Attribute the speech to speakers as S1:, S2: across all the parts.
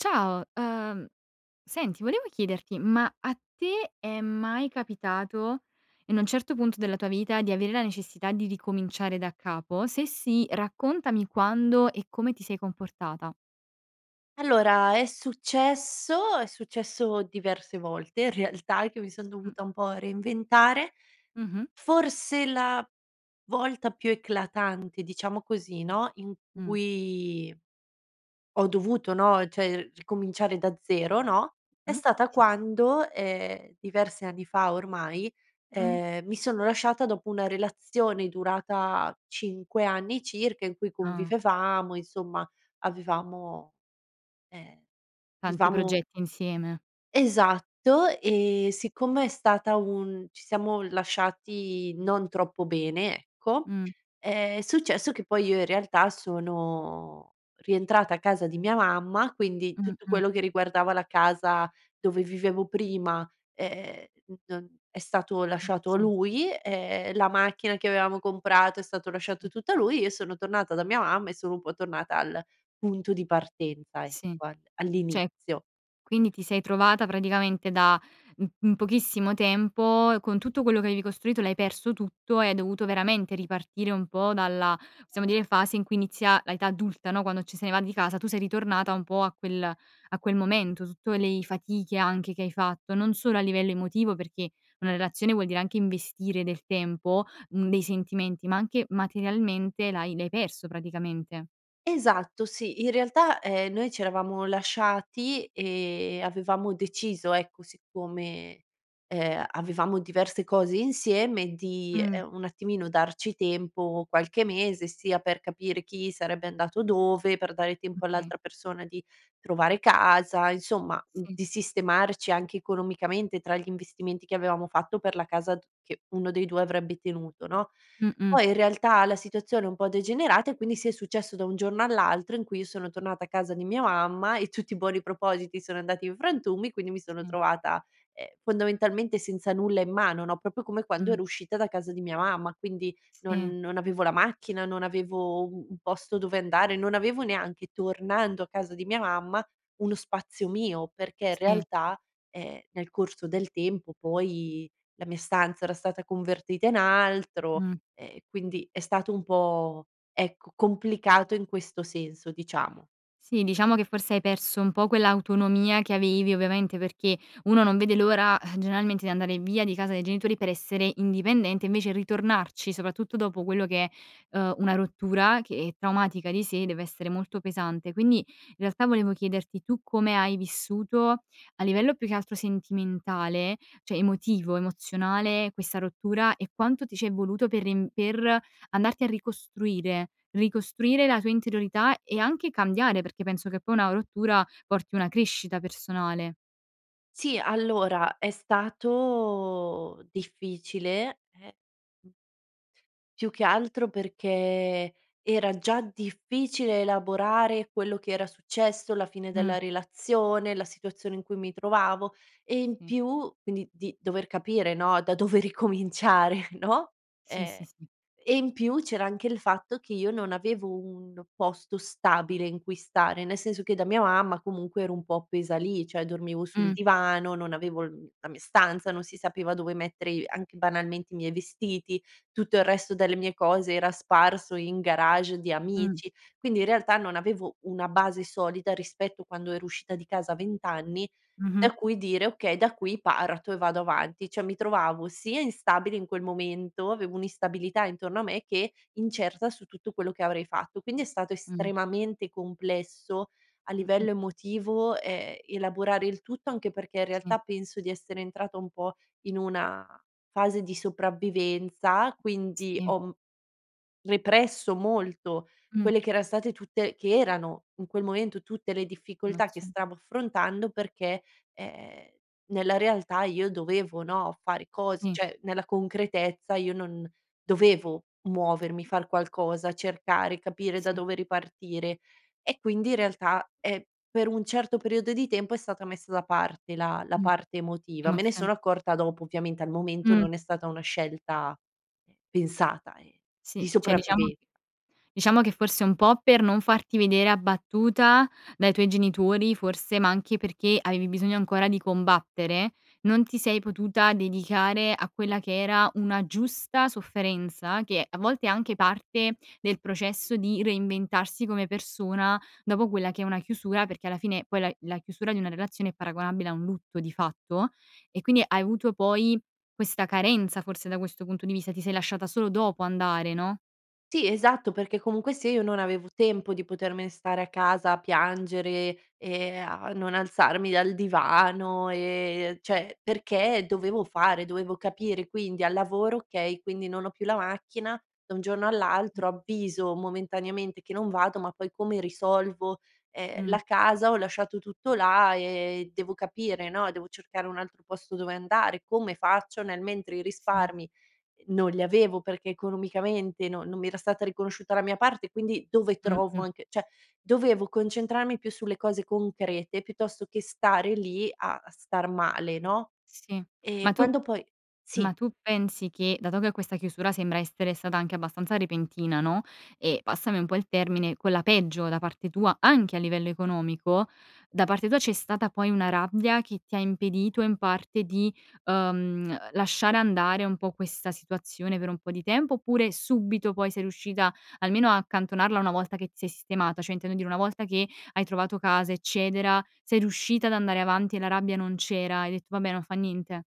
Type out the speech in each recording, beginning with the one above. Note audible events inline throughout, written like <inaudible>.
S1: Ciao! Uhm, senti volevo chiederti: ma a te è mai capitato, in un certo punto della tua vita, di avere la necessità di ricominciare da capo? Se sì, raccontami quando e come ti sei comportata.
S2: Allora è successo, è successo diverse volte, in realtà, eh, che mi son
S1: Mh.
S2: dovuta un po' reinventare.
S1: Mh-mh.
S2: Forse la volta più eclatante, diciamo così, no, in
S1: Mh.
S2: cui ho dovuto, no, cioè ir ricominciare da zero, no, è
S1: Mh.
S2: stata
S1: Sì.
S2: quando, ehm, diversi anni fa ormai,
S1: Mh.
S2: ehm, mi sono lasciata dopo una relazione durata 5 anni circa, in cui
S1: Ah.
S2: convivevamo, insomma, avevamo eh,
S1: Tanti
S2: vivevamo
S1: progetti insieme.
S2: Esatto, ehm, siccome è stata un ci siamo lasciati non troppo bene, ecco,
S1: Mh.
S2: ehm, è successo che poi io in realtà sono rientrata a casa di mia mamma, quindi
S1: Mh,
S2: tutto
S1: mh.
S2: quello che riguardava la casa dove vivevo prima, ehm, non è stato
S1: Mh.
S2: lasciato a
S1: Sì.
S2: lui, ehm, la macchina che avevamo comprato, è stato lasciato
S1: Mh.
S2: tutto lui, e io sono tornata da mia mamma e sono un po' tornata al punto di partenza, ecco
S1: Sì.
S2: al
S1: Cioè,
S2: all'inizio.
S1: quindi ti sei trovata praticamente da m in pochissimo tempo con tutto quello che avevi costruito l'hai perso tutto e hai dovuto veramente ripartire un po' dalla, possiamo dire, fase in cui inizia la età adulta, no, quando ce ne si va di casa, tu sei ritornata un po' a quel a quel momento, tutto lei fatiche anche che hai fatto non solo a livello emotivo, perché una relazione vuol dire anche investire del tempo, mhmm, dei sentimenti, ma anche materialmente l'hai l'hai perso praticamente.
S2: Esatto, sì. In realtà, ehm, noi c'eravamo lasciati e e avevamo deciso, ecco, siccome, ehm, avevamo diverse cose insieme di,
S1: Mh.
S2: ehm, un attimino darci tempo, qualche mese sia per capire chi sarebbe andato dove, per dare tempo
S1: Okay.
S2: all'altra persona di trovare casa, insomma, mhmm,
S1: Mh.
S2: di sistemarci anche economicamente tra gli investimenti che avevamo fatto per la casa che uno dei 2 avrebbe tenuto, no?
S1: Mh-mh.
S2: Poi, in realtà la situazione è un po' degenerata e quindi, sì, è successo da un giorno all'altro in cui io sono tornata a casa di mia mamma e tutti i buoni propositi sono andati in frantumi. Quindi, mi sono
S1: Sì.
S2: trovata, ehm, fondamentalmente senza nulla in mano, no, proprio come quando
S1: Mh.
S2: ero uscita da casa di mia mamma. Quindi,
S1: Sì.
S2: non non avevo la macchina, non avevo u un posto dove andare, non avevo neanche tornando a casa di mia mamma uno spazio mio, perché in
S1: Sì.
S2: realtà, ehm, nel corso del tempo poi la mia stanza era stata convertita in altro
S1: Mh.
S2: e quindi è stato un po', ecco, complicato in questo senso, diciamo.
S1: Sì, diciamo che forse hai perso un po' quell'autonomia che avevi, ovviamente perché uno non vede l'ora generalmente di andare via di casa dei genitori per essere indipendente invece ritornarci, soprattutto dopo quello che, uhm, una rottura, che è traumatica di sé, deve essere molto pesante. Quindi, i realtà volevo chiederti: tu come hai vissuto, a livello più che altro sentimentale, cioè emotivo, emozionale, questa rottura? E quanto ti ci è voluto per riem per andarti a ricostruire, ricostruire la tua interiorità e anche cambiare? Perché penso che poi una rottura porti una crescita personale.
S2: Sì. Allora, è stato difficile, e Più che altro perché era già difficile elaborare quello che era successo, la fine
S1: Mh.
S2: della relazione, la situazione in cui mi trovavo, e in
S1: Sì.
S2: più quindi di dover capire, no, da dove ricominciare, <chuckles> no,
S1: Sì,
S2: e
S1: sì, sì.
S2: e in più c'era anche il fatto che io non avevo un posto stabile in cui stare. Ne senso che da mia mamma comunque ero un po' pesa lì: cioè, dormivo sul
S1: Mh.
S2: divano, non avevo il, mhmm la mia stanza, non si sapeva dove mettere i anche banalmente i miei vestiti, tutto il resto delle mie cose era sparso in garage di
S1: Mh.
S2: amici. Quindi, in realtà non avevo una base solita rispetto quando ero uscita di casa 20 anni,
S1: Mh-mh.
S2: da cui dire: "Okay, da qui parto e vado avanti." Cioè, mi trovavo sia instabile in quel momento, avevo un'instabilità intorno a me che incerta su tutto quello che avrei fatto. Quindi, è stato
S1: Mh.
S2: estremamente complesso a
S1: Mh-mh.
S2: livello emotivo, ehm, elaborare il tutto, anche perché, in
S1: Sì.
S2: realtà, penso di essere entrata un po' in una fase di sopravvivenza, quindi
S1: Sì.
S2: ho m represso molto
S1: Mh.
S2: quelle che era state tutte che erano in quel momento tutte le difficoltà che
S1: Emozio
S2: stavo affrontando perché, ehm, nella realtà io dovevo, no, fare cos
S1: Sì.
S2: cioè, nella concretezza io non dovevo muovermi, far qualcosa, cercare, capire da
S1: Sì.
S2: dove ripartire. E quindi, in realtà, è per un certo periodo di tempo è stata messa da parte la la
S1: Mh.
S2: parte emotiva. Me ne
S1: Emozion
S2: sono accorta dopo ovviamente, al momento
S1: Mh.
S2: non è stata una scelta pensata, e di
S1: Sì. Cioè, diciamo
S2: sopravvive
S1: diciamo che forse un po' per non farti vedere abbattuta dai tuoi genitori, forse, ma anche perché avevi bisogno ancora di combattere, non ti sei potuta dedicare a quella che era una giusta sofferenza che a volte è anche parte del processo di reinventarsi come persona dopo quella che è una chiusura, perché alla fine poi la i la chiusura di una relazione è paragonabile a un lutto di fatto. E quindi, hai avuto poi questa carenza, forse, da questo punto di vista, ti sei lasciata solo dopo andare, no?
S2: Sì, esatto. Perché comunque se io non avevo tempo di potermene stare a casa a piangere, ehm, a non alzarmi dal divano, ehm cioè, perché dovevo fare, dovevo capire. Quindi, al lavoro: "Okay, quindi, non ho più la macchina da un giorno
S1: <unintelligible>
S2: all'altro, avviso momentaneamente che non vado, ma poi come risolvo?" Ehm,
S1: Mh.
S2: la casa: "Ho lasciato tutto là, e devo capire, no, devo cercare un altro posto dove andare, come faccio?" Nel mentre i
S1: Sì.
S2: risparmi, ehm, non li avevo perché economicamente no non mi era stata riconosciuta la mia parte, quindi: "Dove trovo
S1: Mh-mh.
S2: anche" cioè, dovevo concentrarmi più sulle cose concrete, piuttosto che stare lì a star male, no?
S1: Sì.
S2: E
S1: Ma tu
S2: quando poi sì.
S1: ma tu pensi, che dato che questa chiusura sembra essere stata anche abbastanza repentina, no, e passami un po' il termine, con la peggio da parte tua anche a livello economico, da parte tua c'è stata poi una rabbia che ti ha impedito in parte di, uhm, lasciare andare un po' questa situazione per un po' di tempo? Oppure, subito poi sei riuscita almeno a accantonarla una volta che ti sei sistemata? Cioè, intendo dire: una volta che hai trovato casa, eccetera, sei riuscita ad andare avanti e la rabbia non c'era, hai detto: "Vabbè, non fa niente?"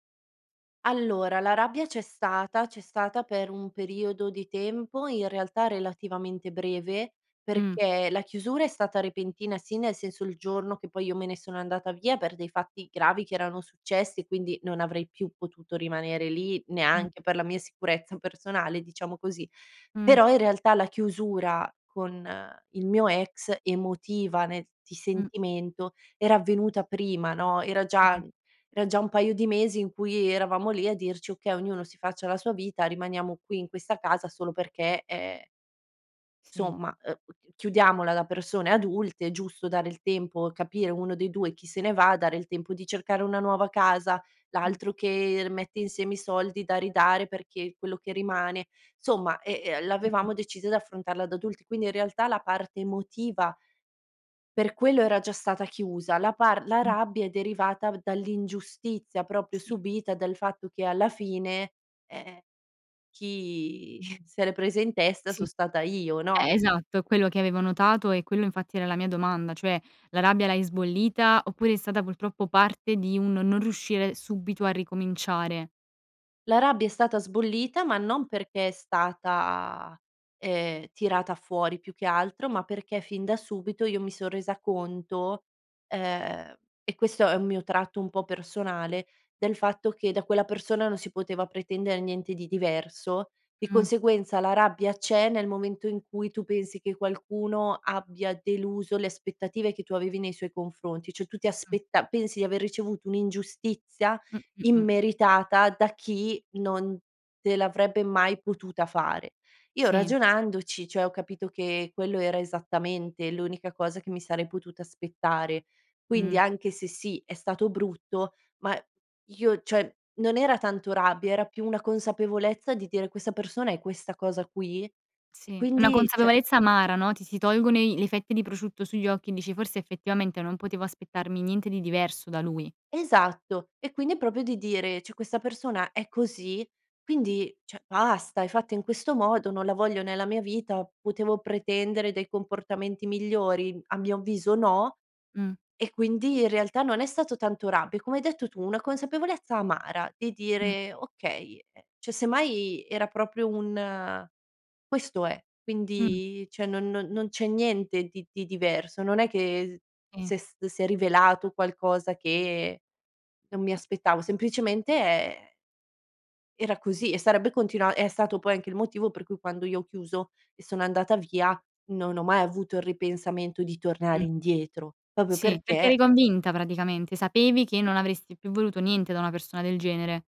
S2: Allora, la rabbia c'è stata, c'è stata per un periodo di tempo in realtà relativamente breve,
S1: Mh.
S2: perché la chiusura è stata repentina, sì, nel senso, il giorno che poi io me ne sono andata via per dei fatti gravi che erano successi e quindi non avrei più potuto rimanere lì
S1: Mh.
S2: neanche per la mia sicurezza personale, diciamo così.
S1: Mh.
S2: Però, in realtà la chiusura con il mio ex emotiva, nel ti
S1: Mh.
S2: sentimento, era avvenuta prima, no, era già
S1: <unintelligible>
S2: era già un paio di mesi in cui eravamo lì a dirci: "Okay, ognuno si faccia la sua vita, rimaniamo qui in questa casa solo perché e e"
S1: Sì.
S2: "insomma, ehm, u chiudiamola da persone adulte, è giusto dare il tempo, capire uno dei 2 chi se ne va, dare il tempo di cercare una nuova casa,
S1: Mh.
S2: l'altro che mette insieme i soldi da ridare perché quello che rimane" insomma, ehm ehm, l'avevamo decisa di affrontarla da adulti. Quindi, in realtà, la parte emotiva per quello era già stata chiusa, la par la
S1: <unintelligible>
S2: rabbia è derivata v dall'ingiustizia, proprio,
S1: Sì.
S2: subita dal fatto che alla fine, ehm, chi <chuckles> se l’è presa in testa
S1: Sì.
S2: sono stata io, no?
S1: E esatto. È quello che avevo notato, e quello infatti era la mia domanda, cioè: la rabbia l'hai sbollita? Oppure è stata, purtroppo, parte di un non riuscire subito a ricominciare?
S2: La rabbia è stata sbollita ma non perché è stata, ehm, tirata fuori. Più che altro ma perché fin da subito io mi son resa conto, ehm, e questo è un mio tratto un po' personale, del fatto che da quella persona non si poteva pretendere niente di diverso. E
S1: Mh.
S2: conseguenza, la rabbia c'è nel momento in cui tu pensi che qualcuno abbia deluso le aspettative che tu avevi nei suoi confronti. Ciò, tu ti
S1: Mh.
S2: aspetta pensi di aver ricevuto un'ingiustizia
S1: Mh, mh, mh.
S2: immeritata da chi non te l'avrebbe mai potuta fare. Io
S1: Sì.
S2: ragionandoci, cioè, ho capito che quello era esattamente l'unica cosa che mi sarei potuta aspettare. Quindi,
S1: Mh.
S2: anche se, sì, è stato brutto ma io cioè, non era tanto rabbia era più una consapevolezza di dire: "Questa persona è questa cosa qui e
S1: Sì. È una
S2: quindi cioè"
S1: consapevolezza amara, no, ti si tolgono i li fette di prosciutto sugli occhi, e dici: "Forse, effettivamente, non potevo aspettarmi niente di diverso da lui."
S2: Esatto, e quindi è proprio di dire: "Cioè, questa persona è così, quindi cioè, basta! È fatta in questo modo, non la voglio nella mia vita. Potevo pretendere dei comportamenti migliori? A mio avviso no."
S1: Mh.
S2: E quindi, in realtà, non è stato tanto rabbia, è come hai detto tu: "una consapevolezza amara" di
S1: Mh.
S2: dire: "Okay, ehm" cioè, semmai era proprio un questo è.
S1: Mh.
S2: Quindi cioè no non non c'è niente di di diverso, non è che
S1: Sì.
S2: se s si è rivelato qualcosa che non mi aspettavo. Semplicemente, e e era così, e sarebbe continua è stato poi anche il motivo per cui quando io ho chiuso e sono andata via, non ho mai avuto il ripensamento di tornare
S1: Mh.
S2: indietro, proprio
S1: Sì, perché
S2: perché
S1: eri convinta praticamente. Sapevi che non avresti più voluto niente da una persona del genere.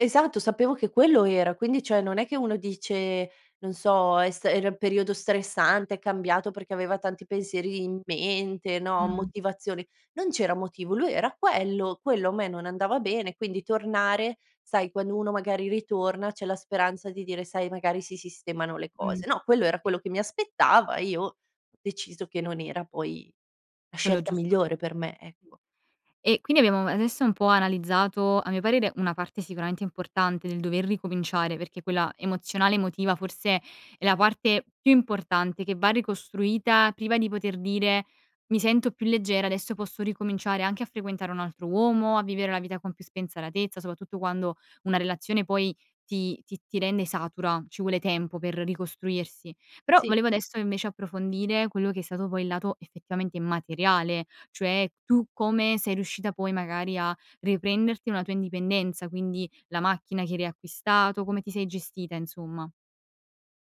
S2: Esatto, sapevo che quello era. Quindi, cioè, non è che uno dice, non so: "È sta era un periodo stressante, è cambiato perché aveva tanti pensieri in mente, no,
S1: Mh-mh.
S2: motivazioni." Non c'era motivo: lui era quello, quello a me non andava bene, quindi tornare, sai, quando uno magari ritorna c'è la speranza di dire: "Sai, magari, si sistemano le
S1: Mh.
S2: cose." No, quello era quello che mi aspettava e io ho deciso che non era poi la
S1: Quello
S2: scelta
S1: giusto per
S2: migliore
S1: te.
S2: per me, ecco.
S1: E quindi, abbiamo adesso un po' analizzato, a mio parere, una parte sicuramente importante del dover ricominciare, perché quella emozionale, emotiva forse è la parte più importante che va ricostruita priva di poter dire: "Mi sento più leggera. Adesso posso ricominciare anche a frequentare un altro uomo, a vivere la vita con più spensieratezza," soprattutto quando una relazione poi ti ti ti rende satura, ci vuole tempo per ricostruirsi. Però,
S2: Sì.
S1: volevo adesso, invece, approfondire quello che è stato poi il lato effettivamente materiale, cioè: tu come sei riuscita poi, magari, a riprenderti una tua indipendenza? Quindi, la macchina che hai riacquistato, come ti sei gestita, insomma?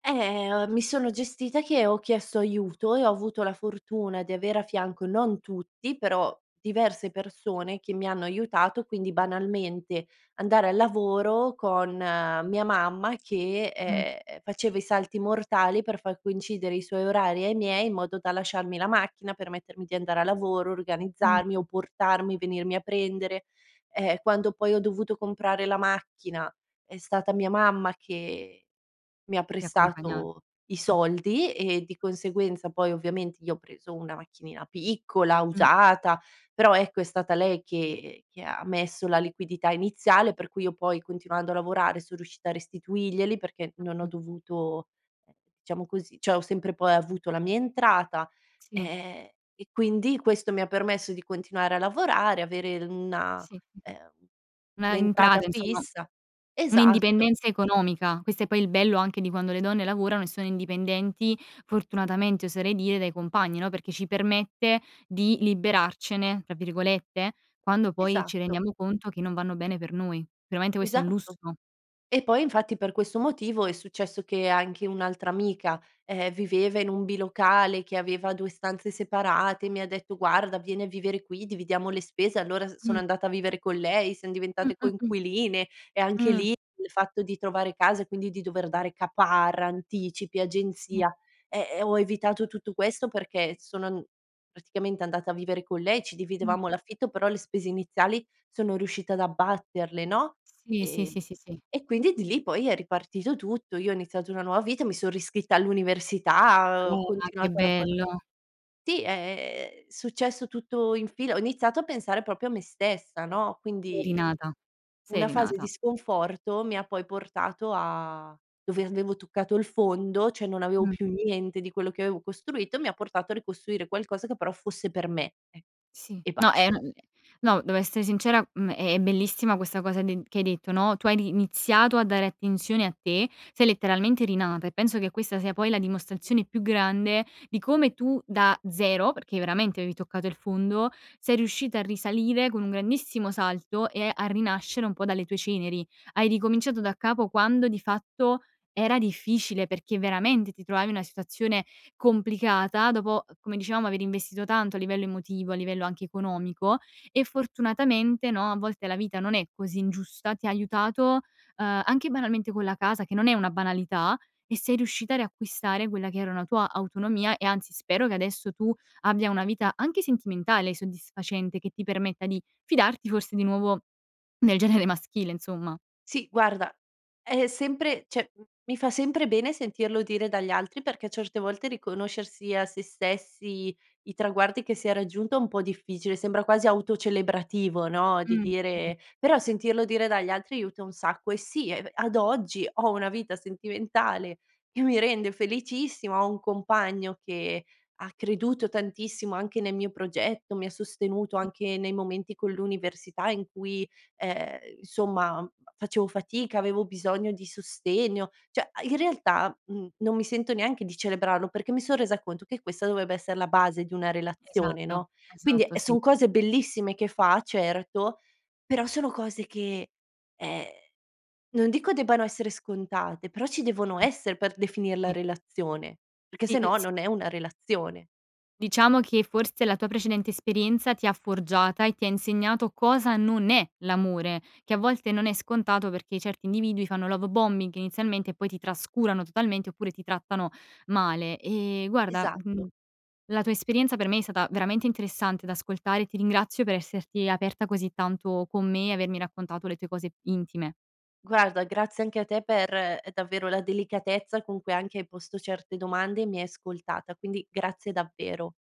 S2: Eh, o mi sono gestita che ho chiesto aiuto, e ho avuto la fortuna di avere a fianco non tutti però diverse persone che mi hanno aiutato, quindi banalmente andare al lavoro con mia mamma che,
S1: Mh.
S2: ehm, faceva i salti mortali, per far coincidere i suoi orari ai miei, in modo da lasciarmi la macchina, permettermi di andare al lavoro,
S1: Mh.
S2: organizzarmi o portarmi e venirmi a prendere. Ehm, quando poi ho dovuto comprare la macchina, è stata mia mamma che mi ha
S1: Ti ha accompagnat
S2: prestato i
S1: ah.
S2: soldi, e di conseguenza poi ovviamente io ho preso una macchinina piccola,
S1: Mh.
S2: usata, però ecco è stata lei che che ha messo la liquidità iniziale per cui io poi continuando a lavorare, son riuscita a restituirglieli, perché non ho
S1: Mh.
S2: dovuto, ehm, diciamo così cioè ho sempre poi avuto la mia entrata,
S1: Sì.
S2: ehm, e quindi questo mi ha permesso di continuare a lavorare, avere l una,
S1: Sì, mh.
S2: ehm,
S1: Una
S2: un'entrata
S1: entrata insomma
S2: fissa
S1: un
S2: esatto.
S1: 'indipendenza economica, questo è poi il bello anche di quando le donne lavorano e sono indipendenti, fortunatamente oserei dire, dai compagni, no, perché ci permette di "liberarcene" tra virgolette, quando poi ci
S2: Esatto.
S1: rendiamo conto che non vanno bene per noi. Veramente questo è un
S2: Esatto.
S1: lusso.
S2: E poi, infatti per questo motivo, è successo che anche un'altra amica, ehm, viveva in un bilocale che aveva 2 stanze separate, e mi ha detto: "guarda, vieni a vivere qui, dividiamo le spese", allora s sono
S1: Mh.
S2: andata a vivere con lei, siam diventate
S1: Mh-mh-mh.
S2: coinquiline e anche
S1: Mh.
S2: lì, il fatto di trovare casa, e quindi di dover dare caparra, anticipi,
S1: Sì.
S2: agenzia, ehm, e ho evitato tutto questo perché s sono n praticamente andata a vivere con lei, ci
S1: Mh.
S2: dividevamo l'affitto però le spese iniziali sono riuscita ad abbatterle, no?
S1: Sì, sì,
S2: Ehm,
S1: sì, sì, sì.
S2: e quindi di lì poi è ripartito tutto. Io ho iniziato una nuova vita. Mi son riscritta all'università, ho
S1: Ah, che
S2: continuato a lavora
S1: bello.
S2: sì è ehm, è successo tutto in fila, ho iniziato a pensare proprio a me stessa, no,
S1: Sei
S2: quindi
S1: rinata, sei
S2: una fase di
S1: rinata.
S2: sconforto, mi ha poi portato a dove avevo toccato il fondo, cioè non avevo
S1: Mh.
S2: più niente di quello che avevo costruito, mi ha portato a ricostruire qualcosa che però fosse per me, eh,
S1: Sì.
S2: e
S1: No, ehm,
S2: basta.
S1: è m no devo essere sincera, mhmm, è è bellissima questa cosa de che hai detto, no, tu hai riniziato a dare attenzione a te, sei letteralmente rinata e penso che questa sia poi la dimostrazione più grande di come tu da zero, perché veramente avevi toccato il fondo, sei riuscita a risalire con un grandissimo salto, e a rinascere un po' dalle tue ceneri. Hai ricominciato daccapo, quando di fatto era difficile perché veramente ti trovavi in una situazione complicata dopo, uhm, come dicevamo aver investito tanto al livello emotivo, a livello anche economico, e fortunatamente no, a volte la vita non è così ingiusta, ti ha aiutato, uhm, anche banalmente con la casa, che non è una banalità e sei riuscita a riacquistare quella che era una tua autonomia, e anzi spero che adesso, tu abbia una vita anche sentimentale soddisfacente, che ti permetta di fidarti forse di nuovo, nel genere maschile insomma.
S2: Sì guarda, è è sempre cioè m mi fa sempre bene sentirlo dire dagli altri, perché certe volte riconoscersi a sé stessi, i traguardi che si è raggiunto è un po' difficile, sembra quasi autocelebrativo, no, di
S1: Mh, sì.
S2: dire però sentirlo dire dagli altri aiuta un sacco, e sì e, beh, ad oggi ho una vita sentimentale che mi rende felicissima, ho un compagno che ha creduto tantissimo anche nel mio progetto, mi ha sostenuto
S1: <unintelligible>
S2: anche nei momenti con l'università in cui ehm, insomma facevo fatica, avevo bisogno di sostegno. Cioè a in realtà, mhmm, non mi sento neanche di celebrarlo, perché mi son resa conto che questa dovrebbe essere la base di una relazione,
S1: Esatto,
S2: no, quindi
S1: esatto,
S2: e
S1: sì.
S2: son cose bellissime che fa, certo, però sono cose che ehm, non dico debbano essere scontate però ci devono
S1: Mh,
S2: essere per definirla
S1: sì.
S2: relazione, perché
S1: Sì,
S2: se
S1: uhm,
S2: no,
S1: s
S2: non è una relazione.
S1: Diciamo, che forse la tua precedente esperienza, ti ha forgiata e ti ha insegnato cosa non è l'amore, che a volte non è scontato, perché certi individui fanno love bombing inizialmente e poi ti trascurano totalmente, oppure ti trattano male ehm, guarda,
S2: Esatto.
S1: mhmm, la tua esperienza per me è stata veramente interessante da ascoltare, ti ringrazio per esserti aperta così tanto con me, e avermi raccontato le tue cose intime.
S2: Guarda, grazie anche a te per ehm, davvero la delicatezza con cui anche hai posto certe domande, e mi hai ascoltata, quindi grazie davvero.